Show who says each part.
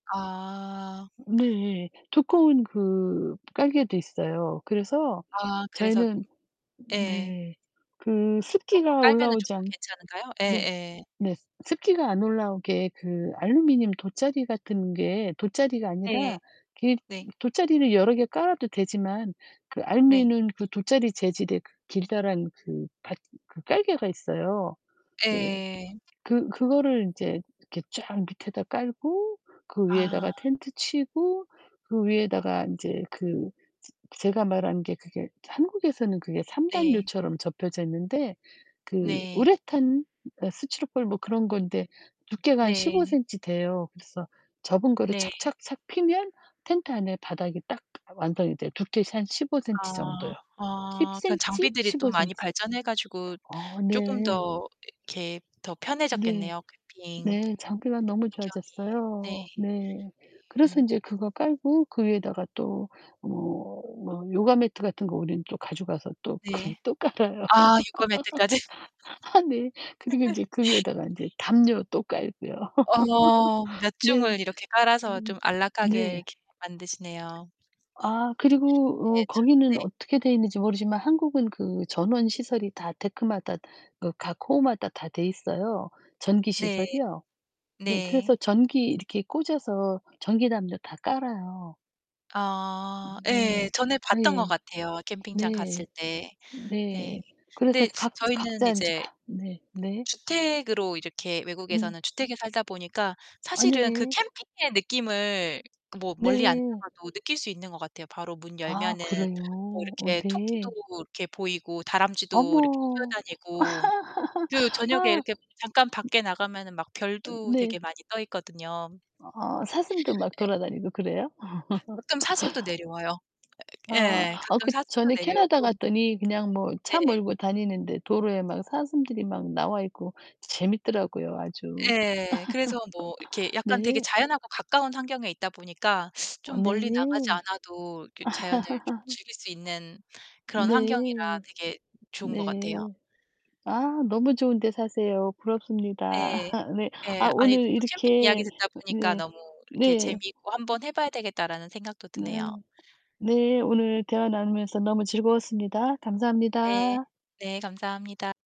Speaker 1: 아.
Speaker 2: 네. 두꺼운 그 깔개도
Speaker 1: 네.
Speaker 2: 있어요. 그래서
Speaker 1: 아 그래서
Speaker 2: 저희는
Speaker 1: 예.
Speaker 2: 네. 그
Speaker 1: 그런 거
Speaker 2: 습기가
Speaker 1: 깔면은
Speaker 2: 올라오지
Speaker 1: 쪼끔
Speaker 2: 않
Speaker 1: 괜찮은가요?
Speaker 2: 네.
Speaker 1: 예예.
Speaker 2: 네. 스 습기가 안 올라오게 그 알루미늄 돗자리 같은 게 돗자리가
Speaker 1: 네.
Speaker 2: 아니라 그
Speaker 1: 네.
Speaker 2: 돗자리를 여러 개 깔아도 되지만 그
Speaker 1: 네.
Speaker 2: 알루미늄 그 돗자리 재질의 그 길다란 그 받 그 깔개가 있어요. 이제
Speaker 1: 예.
Speaker 2: 그 그거를 이제 이렇게 쫙 밑에다 깔고 그
Speaker 1: 아.
Speaker 2: 위에다가 텐트 치고 그 위에다가 인제 그 즈 제가 말한 게 그게 한국에서는 그게 3
Speaker 1: 네.
Speaker 2: 요처럼 접혀져 있는데 그
Speaker 1: 네.
Speaker 2: 우레탄 예 스티로폼 뭐 그런 건데 두께가 한 십오
Speaker 1: 네.
Speaker 2: 센치 돼요. 그래서 접은 거를
Speaker 1: 네.
Speaker 2: 착 착 착 피면 텐트 안에 바닥이 딱 완성이 돼요. 두께서 한 15cm
Speaker 1: 아
Speaker 2: 정도요. 십
Speaker 1: 아 그런
Speaker 2: 센치,
Speaker 1: 장비들이 또
Speaker 2: 십오
Speaker 1: 많이
Speaker 2: 센치
Speaker 1: 발전해 가지고
Speaker 2: 어
Speaker 1: 쪼끔
Speaker 2: 네.
Speaker 1: 더 이렇게 더
Speaker 2: 네.
Speaker 1: 편해졌겠네요. 캠핑 [unintelligible]
Speaker 2: 네 장비가 너무
Speaker 1: 환경이. 네. 예.
Speaker 2: 좋아졌어요. 네. 그래서
Speaker 1: 음.
Speaker 2: 인제 그거 깔고 그 위에다가 또 뭐, 뭐 요가 매트 같은 거 우리는 또 가져가서 또 그
Speaker 1: 네.
Speaker 2: 또 깔아요.
Speaker 1: 아 요가 매트까지.
Speaker 2: 아 네. 그리고 인제 그 위에다가 인제 담요 또 깔고요.
Speaker 1: 어 몇
Speaker 2: 네.
Speaker 1: 중을 이렇게 깔아서
Speaker 2: 음.
Speaker 1: 좀 안락하게
Speaker 2: 네.
Speaker 1: 이렇게 만드시네요.
Speaker 2: 아 그리고 어
Speaker 1: 네. 좋
Speaker 2: 거기는
Speaker 1: 네.
Speaker 2: 어떻게 돼 있는지 모르지만 한국은 그 전원 시설이 다 데크마다 그 각 호마다 다 돼 있어요. 전기
Speaker 1: 네.
Speaker 2: 시설이요. 네.
Speaker 1: 네.
Speaker 2: 그래서 전기 이렇게 꽂아서 전기 담요 다 깔아요.
Speaker 1: 어
Speaker 2: 음
Speaker 1: 예.
Speaker 2: 네.
Speaker 1: 전에 봤던 것
Speaker 2: 예.
Speaker 1: 같아요, 캠핑장 갔을
Speaker 2: 네.
Speaker 1: 때. 네.
Speaker 2: 네. 그래서
Speaker 1: 근데
Speaker 2: 이제 각즈
Speaker 1: 저희는
Speaker 2: 각자 인제
Speaker 1: 이제
Speaker 2: 네. 네.
Speaker 1: 주택으로 이렇게
Speaker 2: 음.
Speaker 1: 외국에서는 주택에 살다 보니까 사실은 그
Speaker 2: 아니
Speaker 1: 캠핑의 느낌을 뭐 멀리 안
Speaker 2: 네.
Speaker 1: 나가도 느낄 수 있는 것 같아요. 바로 문
Speaker 2: 아
Speaker 1: 열면은 뭐
Speaker 2: 그래요? 어
Speaker 1: 이렇게 토끼도
Speaker 2: 네.
Speaker 1: 이렇게 보이고 다람쥐도 이렇게
Speaker 2: 어머.
Speaker 1: 뛰어다니고 그 저녁에
Speaker 2: 아.
Speaker 1: 이렇게 잠깐 밖에 나가면은 막
Speaker 2: 음. 어
Speaker 1: 별도
Speaker 2: 네.
Speaker 1: 되게 많이 떠있거든요.
Speaker 2: 아 사슴도 막
Speaker 1: 예.
Speaker 2: 돌아다니고 그래요?
Speaker 1: 가끔 사슴도 내려와요. 어 이렇게
Speaker 2: 아.
Speaker 1: 예.
Speaker 2: 어
Speaker 1: 가끔
Speaker 2: 그
Speaker 1: 사슴도
Speaker 2: 전에 캐나다
Speaker 1: 내려오고.
Speaker 2: 갔더니 그냥 뭐 차
Speaker 1: 네.
Speaker 2: 몰고 다니는데 도로에 막 사슴들이 막 나와 있고 재밌더라고요 아주.
Speaker 1: 예. 그래서 뭐 이렇게 약간 되게
Speaker 2: 네.
Speaker 1: 자연하고 가까운 환경에 있다 보니까
Speaker 2: 어
Speaker 1: 좀
Speaker 2: 네.
Speaker 1: 멀리 나가지 않아도 이렇게 자연을 좀 즐길 수 있는 그런
Speaker 2: 네.
Speaker 1: 환경이라 되게 좋은 것
Speaker 2: 네.
Speaker 1: 같아요.
Speaker 2: 아 너무 좋은데 사세요. 부럽습니다.
Speaker 1: 예.
Speaker 2: 네. 아
Speaker 1: 예. 아니
Speaker 2: 오늘
Speaker 1: 저도 캠핑 이야기
Speaker 2: 이렇게
Speaker 1: 듣다
Speaker 2: 으
Speaker 1: 보니까
Speaker 2: 네.
Speaker 1: 너무 이렇게
Speaker 2: 네.
Speaker 1: 재미있고
Speaker 2: 음.
Speaker 1: '한번 해 봐야 되겠다.'라는 생각도 드네요.
Speaker 2: 네. 네. 오늘 대화 나누면서 너무 즐거웠습니다.
Speaker 1: 네.
Speaker 2: 감사합니다.
Speaker 1: 네. 감사합니다.